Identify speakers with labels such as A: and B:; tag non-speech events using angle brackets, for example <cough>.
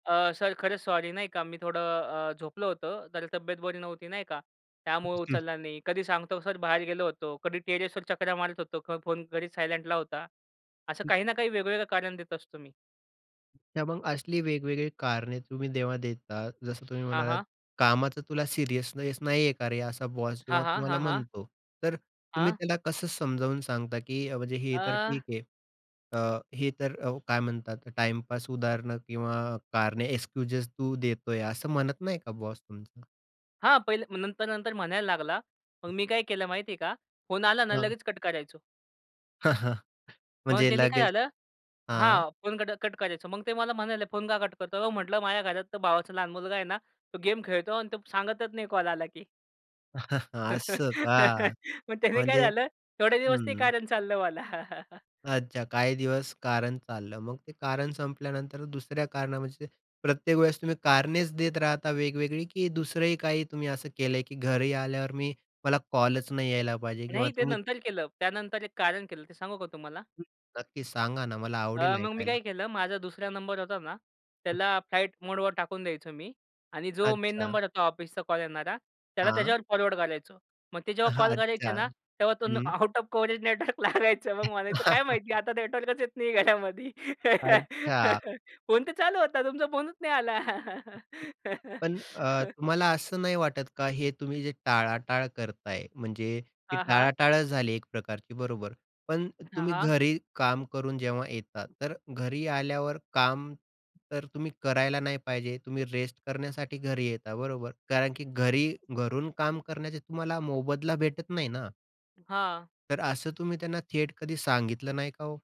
A: अ, sir खरंच sorry नाही का, मी थोडं अ, झोपलं होतं, तर तब्येत बरी नव्हती नाही का, त्यामुळे
B: एक्सक्यूज.
A: उचलला नाही. कधी सांगतो सर बाहेर गेलो होतो, कधी टेरेसवर चकरा मारत होतो, फोन घरीच सायलेंटला होता. असं
B: हं.
A: काही ना काही वेगवेगळं कारण देत असतो मी.
B: तर मग असली वेगवेगळी कारणे तुम्ही जेव्हा देतात जसं तुम्ही
A: हां,
B: म्हणालात,
A: हां.
B: "कामाचा तुला सिरियसनेस नाही आहे का रे?" असा बॉस
A: हां,
B: जेव्हा
A: हां.
B: तुम्हाला
A: हां, हां.
B: म्हणतो. तर, तुम्ही
A: हां.
B: त्याला कसं समजावून सांगता, की अ, म्हणजे हे
A: अ,
B: तर ठीक आहे. अ, हे तर अ, काय म्हणतात "टाईमपास उदाहरणं किंवा कारणे क्सक्यूजेस तू देतोय." असं म्हणत नाही का बॉस तुमचा?
A: हां, पहिले. मग नंतर, नंतर म्हणायला लागला. मग
B: हं.
A: मी काय केलं माहितीये का, फोन आला ना
B: हां.
A: लगेच कट करायचो.
B: <chuckles>
A: मग
B: म्हणजे
A: त्यांनी काय
B: लगेच
A: झालं?
B: हां.
A: हां, फोन कट, कट करायचो. मग ते मला म्हणाले, "फोन का कट करतोय?" "अहो" म्हटलं, "माझ्या घरात भावाचा लहान मुलगा आहे ना, तो गेम खेळतो आणि तो सांगतच नाही कॉल आला की."
B: <chuckles>
A: मग
B: असं का.
A: त्याने काय
B: म्हणजे
A: झालं, थोडे दिवस ते
B: हं.
A: कारण चाललं मला.
B: अच्छा. काही दिवस कारण चाललं. मग ते कारण संपल्यानंतर दुसऱ्या कारणामध्ये प्रत्येक वेळेस तुम्ही कारणेच देत राहता वेगवेगळी, की दुसरंही काही तुम्ही असं केलंय, की घरी आल्यावर मी, मला कॉलच नाही यायला पाहिजे किंवा
A: नाही ते
B: तुम्ही
A: नंतर केलं. त्यानंतर एक कारण केलं. ते सांगू का तुम्हाला?
B: हं. नक्की सांगा ना, मला आवडेल
A: अ, मग मी काय
B: ऐकायला.
A: केलं माझा दुसरा नंबर होता ना.
B: हं.
A: त्याला फ्लाइटमोड वर टाकून द्यायचो मी आणि जो मेन
B: अच्छा.
A: नंबर होता ऑफिसचा कॉल येणारा, त्याला
B: हां.
A: त्याच्यावर फॉरवर्ड करायचो. मग ते जेव्हा
B: हां.
A: कॉल करायचे
B: अच्छा.
A: ना, तेव्हा तो
B: हं.
A: आउट ऑफ कव्हरेज नेटवर्क लागायचं. मग म्हणायचं काय माहिती आता नेटवर्कच
B: <chuckles>
A: येत नाही घरामध्ये.
B: अच्छा.
A: फोन तर चालू होता तुमचा फोनच नाही आला.
B: पण अ, तुम्हाला
A: <laughs>
B: असं नाही वाटत का हे तुम्ही जे टाळाटाळ करताय. म्हणजे ती
A: हां, हां.
B: टाळाटाळंच झाली एक प्रकारची बरोबर. पण
A: हां,
B: तुम्ही
A: हां.
B: घरी काम करून जेव्हा येता, तर घरी आल्यावर काम तर तुम्ही करायला नाही पाहिजे, तुम्ही रेस्ट करण्यासाठी घरी येता, बरोबर. कारण की घरी, घरून काम करण्याचे तुम्हाला मोबदला भेटत नाही ना.
A: हां.
B: तर असं तुम्ही त्यांना थेट कधी सांगितलं नाही का ओ?